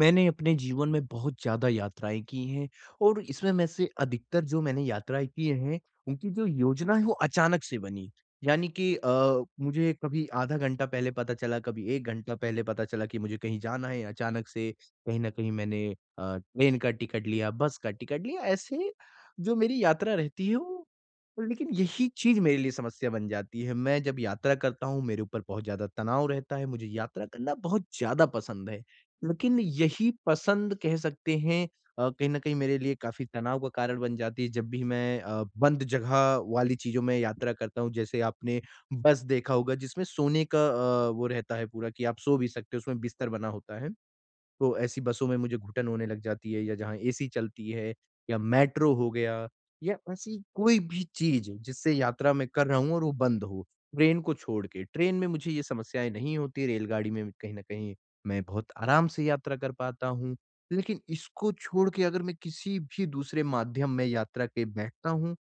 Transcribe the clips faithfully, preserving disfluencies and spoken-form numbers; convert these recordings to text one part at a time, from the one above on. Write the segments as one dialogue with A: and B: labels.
A: मैंने अपने जीवन में बहुत ज़्यादा यात्राएँ की हैं। और इसमें में से अधिकतर जो मैंने यात्राएँ की हैं उनकी जो योजना है वो अचानक से बनी। यानी कि अ, मुझे कभी आधा घंटा पहले पता चला कभी एक घंटा पहले पता चला कि मुझे कहीं जाना है। अचानक से कहीं न कहीं मैंने अ, ट्रेन का टिकट लिया बस का टिकट लिया ऐसे जो मेरी यात्रा रहती है वो लेकिन यही चीज़ मेरे लिए समस्या बन जाती है। मैं जब यात्रा करता हूँ मेरे ऊपर बहुत ज़्यादा तनाव रहता है मुझे यात्रा करना बहुत ज़्यादा पसंद है। लेकिन यही पसंद कह सकते हैं अ, कहीं न कहीं मेरे लिए काफ़ी तनाव का कारण बन जाती है जब भी मैं अ, बंद जगह वाली चीज़ों में यात्रा करता हूँ जैसे आपने बस देखा होगा जिसमें सोने का अ, वो रहता है पूरा कि आप सो भी सकते हो उसमें बिस्तर बना होता है। तो ऐसी बसों में मुझे घुटन होने लग जाती है या जहाँ एसी चलती है या मेट्रो हो गया या ऐसी कोई भी चीज़ जिससे यात्रा मैं कर रहा हूँ और वो बंद हो ट्रेन को छोड़ के ट्रेन में मुझे ये समस्याएँ नहीं होती रेलगाड़ी में कहीं न कहीं मैं बहुत आराम से यात्रा कर पाता हूँ। लेकिन इसको छोड़ के अगर मैं किसी भी दूसरे माध्यम में यात्रा के बैठता हूँ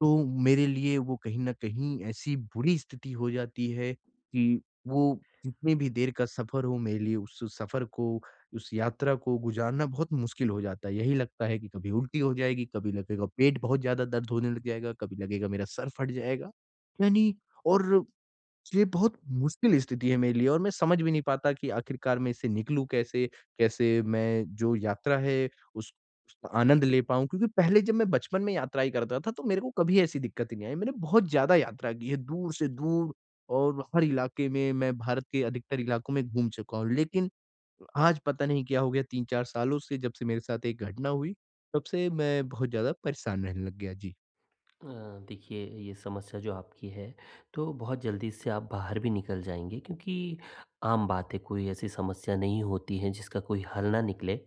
A: तो मेरे लिए वो कहीं न कहीं ऐसी बुरी स्थिति हो जाती है कि वो जितनी भी देर का सफ़र हो मेरे लिए उस सफ़र को उस यात्रा को गुज़ारना बहुत मुश्किल हो जाता है। यही लगता है कि कभी उल्टी हो जाएगी, कभी लगेगा पेट बहुत ज़्यादा दर्द होने लग जाएगा, कभी लगेगा मेरा सर फट जाएगा। यानी और, ये बहुत मुश्किल स्थिति है मेरे लिए और मैं समझ भी नहीं पाता कि आख़िरकार मैं इससे निकलूँ कैसे? कैसे मैं जो यात्रा है उस उसका आनंद ले पाऊँ? क्योंकि पहले जब मैं बचपन में यात्राएँ करता था तो मेरे को कभी ऐसी दिक्कत ही नहीं आई मैंने बहुत ज़्यादा यात्रा की है दूर से दूर और हर इलाके में मैं भारत के अधिकतर इलाकों में घूम चुका हूँ। लेकिन आज पता नहीं क्या हो गया तीन चार सालों से जब से मेरे साथ एक घटना हुई तब से मैं बहुत ज़्यादा परेशान रहने लग गया। जी।
B: अ, देखिए, ये समस्या जो आपकी है तो बहुत जल्दी इससे आप बाहर भी निकल जाएँगे क्योंकि आम बात है, कोई ऐसी समस्या नहीं होती है जिसका कोई हल ना निकले।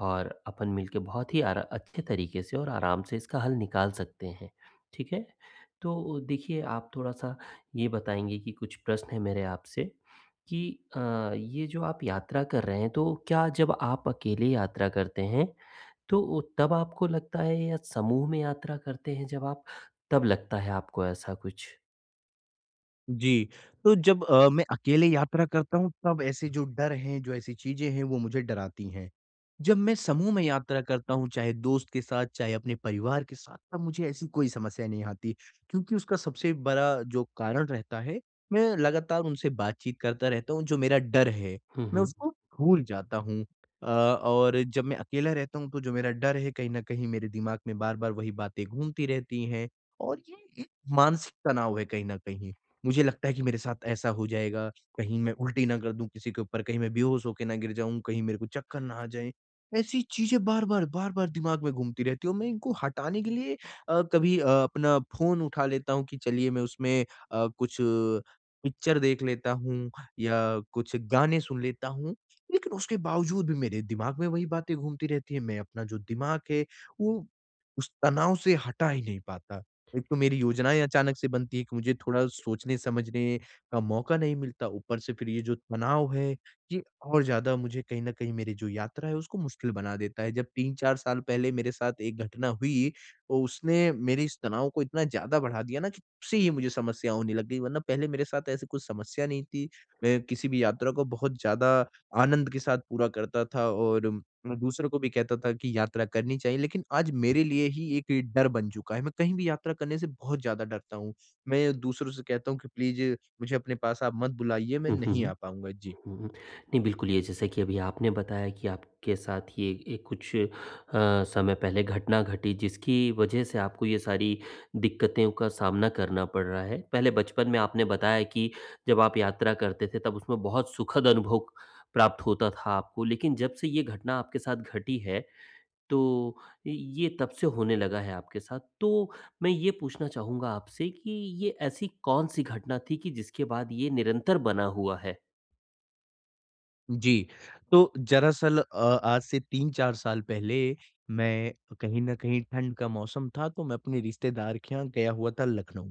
B: और अपन मिलके बहुत ही अर अच्छे तरीके से और आराम से इसका हल निकाल सकते हैं, ठीक है? तो देखिए, आप थोड़ा-सा ये बताएँगी कि कुछ प्रश्न है मेरे आपसे कि अ, ये जो आप यात्रा कर रहे हैं, तो क्या जब आप अकेले यात्रा करते हैं, तो तब आपको लगता है या समूह में यात्रा करते हैं जब आप, तब लगता है आपको ऐसा कुछ?
A: जी। तो जब अ, मैं अकेले यात्रा करता हूँ तब ऐसे जो डर है, जो ऐसी चीज़ें हैं वो मुझे डराती हैं। जब मैं समूह में यात्रा करता हूँ चाहे दोस्त के साथ, चाहे अपने परिवार के साथ, तब मुझे ऐसी कोई समस्या नहीं आती, क्योंकि उसका सबसे बड़ा जो कारण रहता है, मैं लगातार उनसे बातचीत करता रहता हूँ, जो मेरा डर है,
B: हुँ,
A: मैं
B: हुँ।
A: उसको भूल जाता हूँ। अ, और जब मैं अकेला रहता हूँ तो जो मेरा डर है कहीं न कहीं मेरे दिमाग में बार-बार वही बातें घूमती रहती हैं और ये एक मानसिक तनाव है कहीं न कहीं। मुझे लगता है कि मेरे साथ ऐसा हो जाएगा, कहीं मैं उल्टी ना कर दूँ किसी के ऊपर, कहीं मैं बेहोश होके ना गिर जाऊँ, कहीं मेरे को चक्कर ना आ जाएँ। ऐसी चीज़ें बार-बार, बार-बार दिमाग में घूमती रहती हूँ और मैं इनको हटाने के लिए अ, कभी अ, अपना फ़ोन उठा लेता हूँ कि चलिए मैं उसमें अ, कुछ पिक्चर देख लेता हूँ या कुछ गाने सुन लेता हूँ। लेकिन उसके बावजूद भी मेरे दिमाग में वही बातें घूमती रहती हैं, मैं अपना जो दिमाग है, वो उस तनाव से हटा ही नहीं पाता। एक तो मेरी योजनाएँ अचानक से बनती है कि मुझे थोड़ा सोचने-समझने का मौका नहीं मिलता ऊपर से फिर ये जो तनाव है, ये और ज़्यादा मुझे कहीं न कहीं मेरी जो यात्रा है उसको मुश्किल बना देता है। जब तीन चार साल पहले मेरे साथ एक घटना हुई, तो उसने मेरे इस तनाव को इतना ज़्यादा बढ़ा दिया ना कि तब से ही मुझे समस्या होने लग गई वरना पहले मेरे साथ ऐसी कुछ समस्या नहीं थी। मैं किसी भी यात्रा को बहुत ज़्यादा आनंद के साथ पूरा करता था और मैं दूसरों को भी कहता था कि यात्रा करनी चाहिए लेकिन आज मेरे लिए ही एक डर बन चुका है। मैं कहीं भी यात्रा करने से बहुत ज़्यादा डरता हूँ, मैं दूसरों से कहता हूँ कि प्लीज़ मुझे अपने पास आप मत बुलाइए मैं
B: हुँ, हुँ,
A: नहीं आ
B: हुँ।
A: पाऊँगा। जी।
B: हुँ, हुँ, नहीं बिल्कुल ये जैसा कि अभी आपने बताया कि आपके साथ ये ये कुछ अ, समय पहले घटना घटी जिसकी वजह से आपको ये सारी दिक्क़तों का सामना करना पड़ रहा है। पहले बचपन में आपने बताया कि जब आप यात्रा करते थे तब उसमें बहुत सुखद अनुभव प्राप्त होता था आपको लेकिन जब से ये घटना आपके साथ घटी है, तो इ ये तब से होने लगा है आपके साथ। तो मैं ये पूछना चाहूँगा आपसे कि ये ऐसी कौन-सी घटना थी कि जिसके बाद ये निरंतर बना हुआ है?
A: जी, तो जरासल अ आज से तीन चार साल पहले मैं कहीं न कहीं ठंड का मौसम था, तो मैं अपने रिश्तेदार के यहाँ गया हुआ था लखनऊ,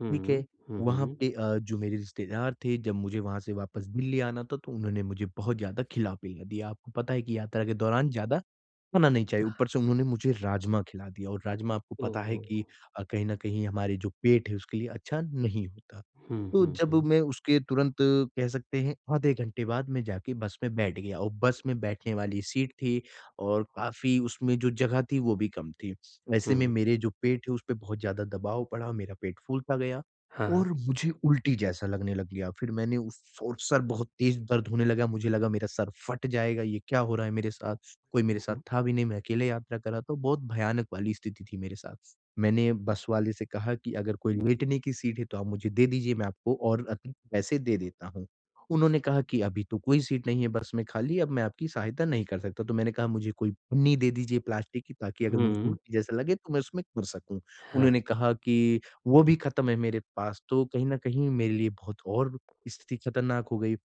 B: हुँ,
A: ठीक
B: हुँ।
A: है।
B: हुँ,
A: वहाँ
B: हुँ।
A: पे अ, जो मेरे रिश्तेदार थे जब मुझे वहाँ से वापस दिल्ली आना था तो उन्होंने मुझे बहुत ज़्यादा खिला-पिला दिया। आपको पता है कि यात्रा के दौरान ज़्यादा, खाना नहीं चाहिए, ऊपर से उन्होंने मुझे राजमा खिला दिया और राजमा आपको
B: ओह
A: पता है
B: हो!
A: कि अ, कहीं न कहीं हमारे जो पेट है उसके लिए अच्छा नहीं होता।
B: हुँ,
A: तो
B: हुँ,
A: जब
B: हुँ।
A: मैं उसके तुरंत कह सकते हैं आधे घंटे बाद, मैं जाके बस में बैठ गया और बस में बैठने वाली सीट थी और काफ़ी उसमें जो जगह थी वो भी कम थी। ऐसे में
B: हुँ।
A: मेरे जो पेट है उसपे बहुत ज़्यादा दबाव पड़ा मेरा पेट फूलता गया
B: हाँ,
A: और
B: हाँ।
A: मुझे उल्टी जैसा लगने लग गया। फिर मैंने उस और सर बहुत तेज़ दर्द होने लगा, मुझे लगा मेरा सर फट जाएगा ये क्या हो रहा है मेरे साथ, कोई मेरे
B: हुँ,
A: साथ
B: हुँ।
A: था भी नहीं मैं अकेले यात्रा कर रहा था बहुत भयानक वाली स्थिति थी मेरे साथ। मैंने बस वाले से कहा कि अगर कोई लेटने की सीट है तो आप मुझे दे दीजिए मैं आपको और अधिक पैसे दे देता हूँ। उन्होंने कहा कि अभी तो कोई सीट नहीं है बस में खाली, अब मैं आपकी सहायता नहीं कर सकता। तो मैंने कहा मुझे कोई पन्नी दे दीजिए प्लास्टिक की ताकि अगर मुझे
B: हुँ।
A: उल्टी जैसा लगे तो मैं उसमें कर सकूँ
B: हाँ।
A: उन्होंने कहा कि वो भी ख़त्म है मेरे पास, तो कहीं न कहीं मेरे लिए बहुत और स्थिति खतरनाक हो गई।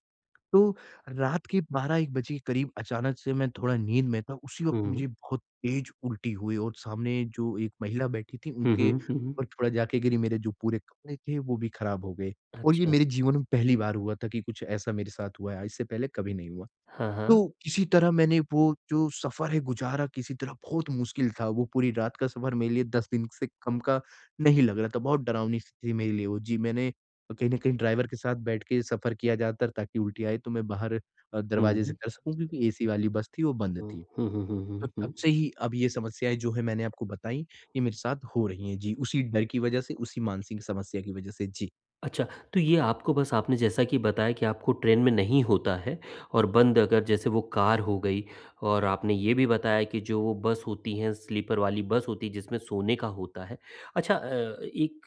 A: तो रात के बारह एक बजे के करीब अचानक से मैं थोड़ा नींद में था उसी वक्त
B: हुँ।
A: मुझे बहुत तेज उल्टी हुई और सामने जो एक महिला बैठी थीं,
B: हुँ, हुँ।
A: उनके
B: हुँ,
A: ऊपर
B: हुँ।
A: थोड़ा जा के गिरी मेरे जो पूरे कपड़े थे वो भी खराब हो गए। और ये
B: अच्छा।
A: मेरे जीवन में पहली बार हुआ था कि कुछ ऐसा मेरे साथ हुआ है, इससे पहले कभी नहीं हुआ।
B: हाँ, हाँ।
A: तो किसी तरह मैंने वो जो सफर है गुज़ारा, किसी तरह बहुत मुश्किल था वो पूरी रात का सफर मेरे लिए दस दिन से कम का नहीं लग रहा था बहुत डरावनी-सी थी मेरे लिए वो। जी, मैंने कहीं न कहीं ड्राइवर के साथ बैठ के सफर किया ज़्यादातर ताकि उल्टी आए तो मैं बाहर अ, दरवाज़े से
B: हुँ।
A: कर सकूँ क्योंकि एसी वाली बस थी वो बंद
B: हुँ।
A: थी।
B: हुँ, हुँ, हुँ,
A: तो
B: हुँ,
A: तब
B: हुँ।
A: से ही अब ये समस्याएँ जो है मैंने आपको बताईं ये मेरे साथ हो रही हैं जी उसी डर की वजह से, उसी मानसिक समस्या की वजह से। जी।
B: अच्छा। तो ये आपको बस आपने जैसा कि बताया कि आपको ट्रेन में नहीं होता है और बंद अगर जैसे वो कार हो गई और आपने ये भी बताया कि जो बस होती हैं, स्लीपर वाली बस होती है जिसमें सोने का होता है। अच्छा अ, एक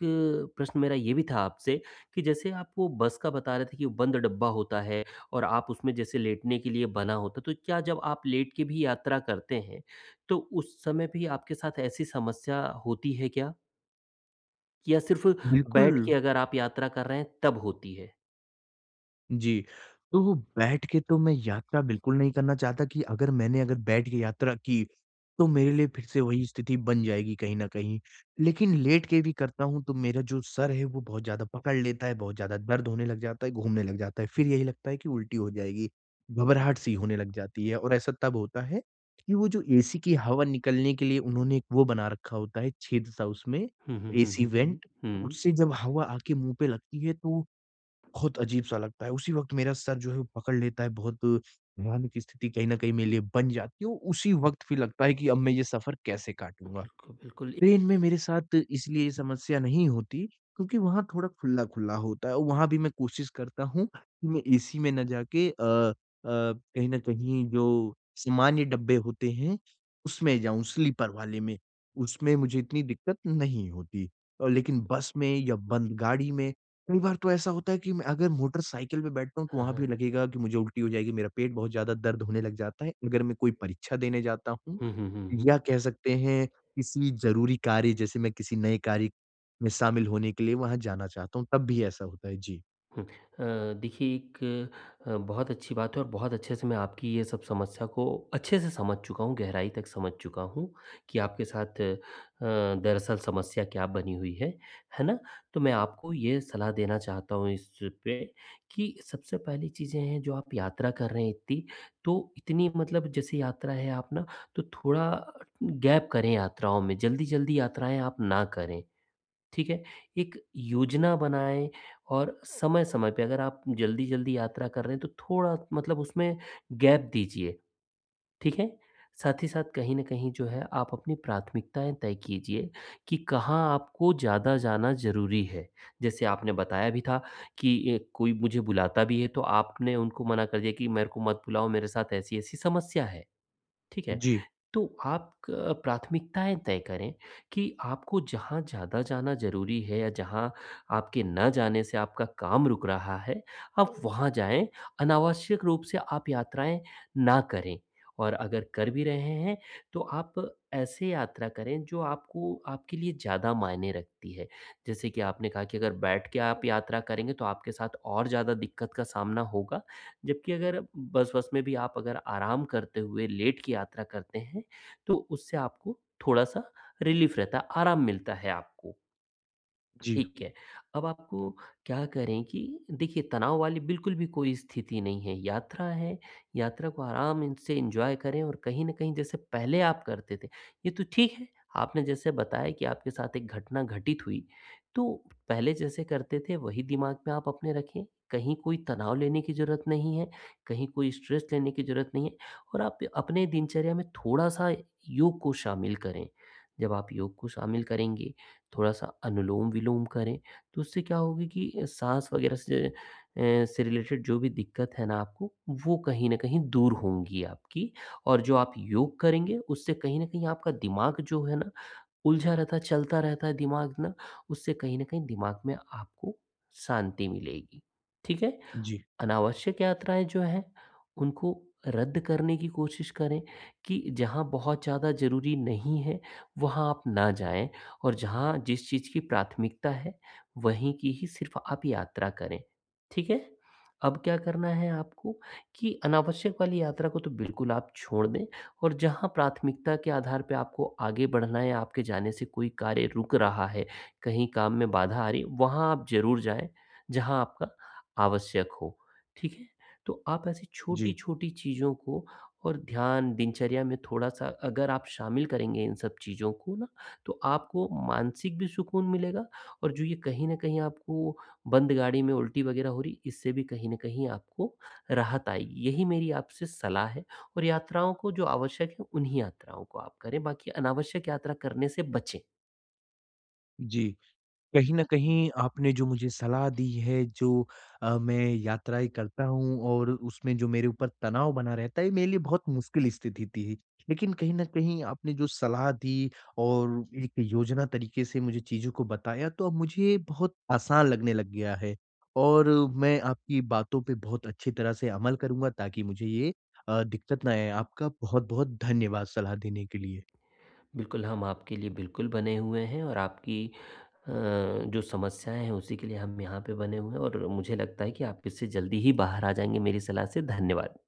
B: प्रश्न मेरा ये भी था आपसे कि जैसे आप वो बस का बता रहे थे कि वो बंद डब्बा होता है और आप उसमें जैसे लेटने के लिए बना होता तो क्या जब आप लेट के भी यात्रा करते हैं तो उस समय भी आपके साथ ऐसी समस्या होती है क्या? या सिर्फ़ बैठ
A: बिल्कुल।
B: के अगर आप यात्रा कर रहे हैं तब होती है?
A: जी, तो बैठ के तो मैं यात्रा बिल्कुल नहीं करना चाहता कि अगर मैंने अगर बैठ के यात्रा की तो मेरे लिए फिर-से वही स्थिति बन जाएगी कहीं न कहीं। लेकिन लेट के भी करता हूँ तो मेरा जो सर है वो बहुत ज़्यादा पकड़ लेता है, बहुत ज़्यादा दर्द होने लग जाता है, घूमने लग जाता है फिर यही लगता है कि उल्टी हो जाएगी। घबराहट-सी होने लग जाती है और ऐसा तब होता है कि वो जो एसी की हवा निकलने के लिए उन्होंने एक वो बना रखा होता है छेद-सा उसमें,
B: हुँ, हुँ, हुँ,
A: एसी
B: हुँ, हुँ।
A: वेंट
B: हुँ।
A: उससे जब हवा आके मुँह पे लगती है तो बहुत अजीब-सा लगता है उसी वक़्त मेरा सर जो है वो पकड़ लेता है, बहुत भयानक स्थिति कहीं न कहीं मेरे लिए बन जाती है और उसी वक्त फिर लगता है कि अब मैं ये सफर कैसे काटूँगा।
B: बिल्कुल, बिल्कुल, इ
A: ट्रेन में मेरे साथ इसलिए ये समस्या नहीं होती क्योंकि वहाँ थोड़ा खुल्ला-खुल्ला होता है और वहाँ भी मैं कोशिश करता हूँ कि मैं एसी में ना जाके अ अ, कहीं न कहीं जो सामान्य डब्बे होते हैं उसमें जाऊँ स्लीपर वाले में उसमें मुझे इतनी दिक्कत नहीं है नहीं होती। अ, लेकिन बस में या बंद गाड़ी में कई बार तो ऐसा होता है कि मैं अगर मोटर साइकिल पे बैठता हूँ तो
B: हाँ,
A: वहाँ भी
B: हाँ।
A: लगेगा की मुझे उल्टी हो जाएगी, मेरा पेट बहुत ज़्यादा दर्द होने लग जाता है। अगर मैं कोई परीक्षा देने जाता हूँ
B: हुँ, हुँ, हुँ, हुँ।
A: या कह सकते हैं किसी ज़रूरी कार्य जैसे मैं किसी नए कार्य में शामिल होने के लिए वहाँ जाना चाहता हूँ तब भी ऐसा होता है। जी।
B: हुँ। अ, देखिए, एक अ, बहुत अच्छी बात है और बहुत अच्छे से मैं आपकी ये सब समस्या को अच्छे से समझ चुका हूँ, गहराई तक समझ चुका हूँ कि आपके साथ अ, दरअसल समस्या क्या बनी हुई है, है ना? तो मैं आपको ये सलाह देना चाहता हूँ इस पे कि सबसे पहली चीज़ें हैं, जो आप यात्रा कर रही थीं, तो इतनी मतलब जैसे यात्रा है, आप ना, तो थोड़ा गैप करें यात्राओं में। जल्दी-जल्दी यात्राएँ आप ना करें, ठीक है? एक योजना बनाएँ और समय-समय पे, अगर आप जल्दी-जल्दी यात्रा कर रहे हैं, तो थोड़ा मतलब उसमें गैप दीजिए। ठीक है? साथ ही साथ, कहीं न कहीं जो है, आप अपनी प्राथमिकताएँ तय कीजिए कि कहाँ आपको ज़्यादा जाना ज़रूरी है। जैसे आपने बताया भी था कि अ, कोई मुझे बुलाता भी है, तो आपने उनको मना कर दिया कि "मेरे को मत बुलाओ, मेरे साथ ऐसी-ऐसी समस्या है।" ठीक है?
A: जी।
B: तो आप क प्राथमिकताएँ तय करें कि आपको जहाँ ज़्यादा जाना ज़रूरी है या जहाँ आपके ना जाने से आपका काम रुक रहा है, आप वहाँ जाएँ। अनावश्यक रूप से आप यात्राएँ ना करें और अगर कर भी रहे हैं, तो आप ऐसे यात्रा करें, जो आपको आपके लिए ज़्यादा मायने रखती है। जैसे कि आपने कहा कि अगर बैठ के आप यात्रा करेंगे, तो आपके साथ और ज़्यादा दिक्कत का सामना होगा, जबकि अगर बस-वस में भी आप अगर आराम करते हुए, लेट की यात्रा करते हैं, तो उससे आपको थोड़ा-सा रिलीफ़ रहता है, आराम मिलता है आपको।
A: जी।
B: ठीक है। अब आपको क्या करें कि देखिए, तनाव वाली बिल्कुल भी कोई स्थिति नहीं है। यात्रा है, यात्रा को आराम से एन्जॉय करें और कहीं न कहीं, जैसे पहले आप करते थे, ये तो ठीक है। आपने जैसे बताया कि आपके साथ एक घटना घटित हुई, तो पहले जैसे करते थे, वही दिमाग में आप अपने रखें। कहीं कोई तनाव लेने की ज़रूरत नहीं है, कहीं कोई स्ट्रेस लेने की ज़रूरत नहीं है और आप अपने दिनचर्या में थोड़ा-सा योग को शामिल करें। जब आप योग को शामिल करेंगे, थोड़ा-सा अनुलोम-विलोम करें, तो उससे क्या होगी कि अ, साँस वग़ैरह से, एँ इससे रिलेटेड जो भी दिक्कत है ना आपको, वो कहीं न कहीं दूर होंगी आपकी और जो आप योग करेंगे, उससे कहीं न कहीं आपका दिमाग जो है ना, उलझा रहता है, चलता रहता है दिमाग ना, उससे कहीं न कहीं दिमाग में आपको शांति मिलेगी। ठीक है?
A: जी।
B: अनावश्यक यात्राएँ जो हैं, उनको रद्द करने की कोशिश करें, कि जहाँ बहुत ज़्यादा ज़रूरी नहीं है, वहाँ आप ना जाएँ और जहाँ जिस चीज़ की प्राथमिकता है, वहीं की ही सिर्फ़ आप यात्रा करें। ठीक है? अब क्या करना है आपको, कि अनावश्यक वाली यात्रा को तो बिल्कुल आप छोड़ दें और जहाँ प्राथमिकता के आधार पे आपको आगे बढ़ना है, आपके जाने से कोई कार्य रुक रहा है, कहीं काम में बाधा आ रही है, वहाँ आप ज़रूर जाएँ, जहाँ आपका आवश्यक हो। ठीक है? तो आप ऐसी
A: जी।
B: छोटी-छोटी चीज़ों को और ध्यान, दिनचर्या में थोड़ा-सा अगर आप शामिल करेंगे इन सब चीज़ों को ना, तो आपको मानसिक भी सुकून मिलेगा और जो ये कहीं न कहीं आपको बंद गाड़ी में उल्टी वग़ैरह हो रही, इससे भी कहीं न कहीं आपको राहत आएगी। यही मेरी आपसे सलाह है और यात्राओं को जो आवश्यक है, उन्हीं यात्राओं को आप करें, बाकी अनावश्यक यात्रा करने से बचें।
A: जी। कहीं न कहीं आपने जो मुझे सलाह दी है, जो अ, मैं यात्राएँ करता हूँ और उसमें जो मेरे ऊपर तनाव बना रहता है, ये मेरे लिए बहुत मुश्किल स्थिति थी। लेकिन कहीं न कहीं, आपने जो सलाह दी और एक योजना तरीके से मुझे चीज़ों को बताया, तो अब मुझे बहुत आसान लगने लग गया है, और मैं आपकी बातों पे बहुत अच्छी तरह से अमल करूँगा, ताकि मुझे ये अ, दिक्कत ना आए। आपका बहुत-बहुत धन्यवाद सलाह देने के लिए।
B: बिल्कुल, हम आपके लिए बिल्कुल बने हुए हैं और आपकी अ, जो समस्याएँ हैं, उसी के लिए हम यहाँ पे बने हुए हैं और मुझे लगता है कि आप इससे जल्दी ही बाहर आ जाएँगे, मेरी सलाह से। धन्यवाद।